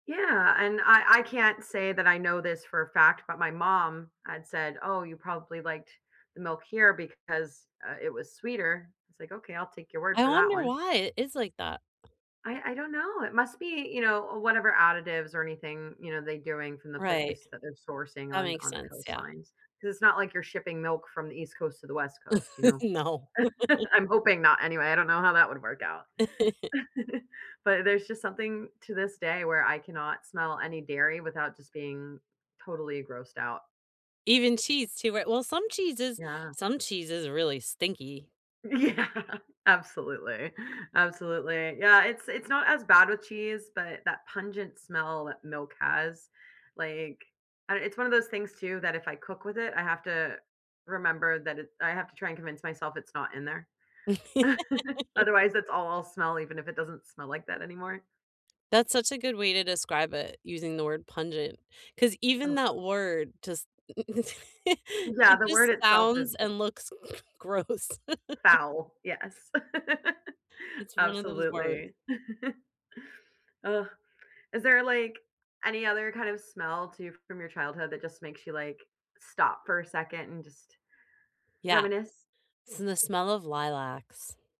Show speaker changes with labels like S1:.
S1: Yeah, and I I can't say that I know this for a fact, but my mom had said, "Oh, you probably liked the milk here because, uh, it was sweeter." It's like, "Okay, I'll take your word
S2: I
S1: for that
S2: wonder
S1: one."
S2: why it is like that.
S1: I I don't know, it must be, you know, whatever additives or anything, you know, they doing from the
S2: Right.
S1: place that they're sourcing
S2: That
S1: on
S2: makes
S1: on the
S2: sense, yeah.
S1: coastlines, 'cause it's not like you're shipping milk from the East Coast to the West Coast, you know.
S2: No.
S1: I'm hoping not anyway, I don't know how that would work out. But there's just something, to this day, where I cannot smell any dairy without just being totally grossed out.
S2: Even cheese too, right? Well, some cheese is
S1: Yeah.
S2: some cheese is really stinky.
S1: Yeah, absolutely, absolutely. Yeah, it's it's not as bad with cheese, but that pungent smell that milk has, like uh, it's one of those things too that if I cook with it, I have to remember that it I have to try and convince myself it's not in there. Otherwise, it's all I'll smell even if it doesn't smell like that anymore.
S2: That's such a good way to describe it, using the word pungent, 'cause even
S1: Oh.
S2: that word just n
S1: Yeah,
S2: it
S1: the word
S2: just
S1: itself
S2: sounds
S1: is
S2: and looks gross.
S1: Foul, yes.
S2: It's one of those words.
S1: Absolutely. Ugh, is there, like, any other kind of smell, too, from your childhood that just makes you, like, stop for a second and just
S2: Yeah.
S1: reminisce?
S2: S in the smell of lilacs.